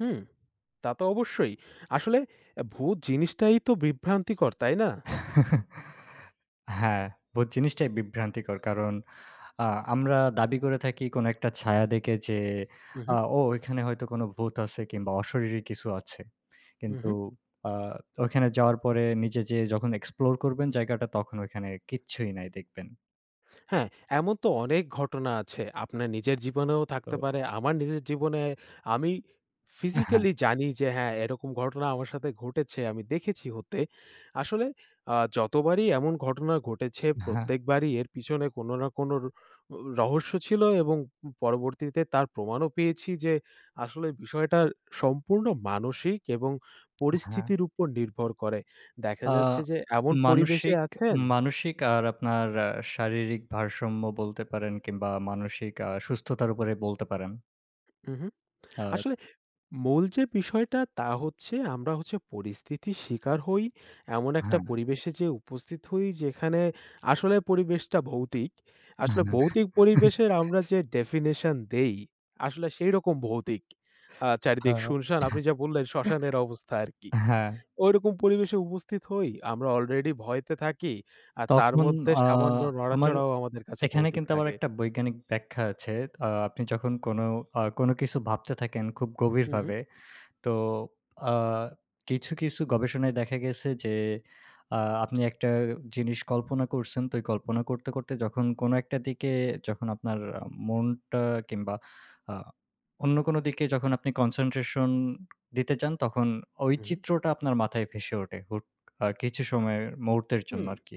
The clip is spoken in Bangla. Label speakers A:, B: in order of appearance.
A: হুম, তা তো অবশ্যই। আসলে এ ভূত জিনিসটাই তো বিভ্রান্তিকর, তাই না?
B: হ্যাঁ, ভূত জিনিসটাই বিভ্রান্তিকর। কারণ, আ আমরা দাবি করে থাকি কোনো একটা ছায়া দেখে যে
A: হু, হু।
B: আ ও এখানে হয়তো কোনো ভূত আছে কিংবা অশরীরী কিছু আছে।
A: হু,
B: কিন্তু
A: হু।
B: আ তো ওইখানে যাওয়ার পরে নিজে যেয়ে যখন explore করবেন জায়গাটা, তখন ওখানে কিচ্ছুই নাই দেখবেন।
A: হ্যাঁ, এমন তো অনেক ঘটনা আছে। আপনার নিজের জীবনেও থাকতে
B: তো
A: পারে। আমার নিজের জীবনে আমি
B: আ হ্যাঁ।
A: ফিজিক্যালি জানি যে হ্যাঁ, এরকম ঘটনা আমার সাথে ঘটেছে, আমি দেখেছি হতে। আসলে আ যতবারই এমন ঘটনা ঘটেছে,
B: হ্যাঁ।
A: প্রত্যেকবারই এর পিছনে কোনো না কোনো র উ রহস্য ছিল এবং উম পরবর্তীতে তার প্রমাণও পেয়েছি যে আসলে বিষয়টা সম্পূর্ণ মানসিক এবং
B: আ হ্যাঁ।
A: পরিস্থিতির উপর নির্ভর করে। দেখা
B: আ
A: যাচ্ছে যে এমন পরিবেশে
B: মানসিক
A: আছেন
B: মানসিক আর আপনার অ্যা শারীরিক ভারসাম্য বলতে পারেন কিংবা মানসিক আ সুস্থতার উপরে বলতে পারেন।
A: হু, হু।
B: আ
A: আসলে মূল যে বিষয়টা তা হচ্ছে আমরা হচ্ছে পরিস্থিতির শিকার হই। এমন একটা
B: হ্যাঁ।
A: পরিবেশে যে উপস্থিত হই যেখানে আসলে পরিবেশটা ভৌতিক। আসলে
B: হ্যাঁ।
A: ভৌতিক পরিবেশের আমরা যে definition দেই আসলে সেই রকম ভৌতিক। আ
B: হা
A: চারিদিক সুনসান, আপনি যা বললেন শ্মশানের অবস্থা আরকি।
B: হ্যাঁ।
A: ওই রকম পরিবেশে উপস্থিত হই। আমরা অলরেডি ভয়েতে থাকি আর তার
B: তখন
A: মধ্যে
B: আ
A: সামান্য
B: আমার
A: নড়াচড়াও আমাদের কাছে
B: এখানে
A: ভৌতিক
B: কিন্তু আবার
A: লাগে।
B: একটা বৈজ্ঞানিক ব্যাখ্যা আছে। তা আপনি যখন কোনো আ কোনো কিছু ভাবতে থাকেন খুব
A: হু, হু।
B: গভীরভাবে। তো আ কিছু, কিছু গবেষণায় দেখা গেছে যে আ আপনি একটা জিনিস কল্পনা করছেন। তো এই কল্পনা করতে, করতে যখন কোনো একটা দিকে যখন আপনার আ মনটা কিংবা আ অন্য কোনো দিকে যখন আপনি concentration দিতে যান, তখন ওই
A: হু, হু।
B: চিত্রটা আপনার মাথায় ভেসে ওঠে হুট আ কিছু সময়ের মুহূর্তের জন্য
A: হুম।
B: আরকি।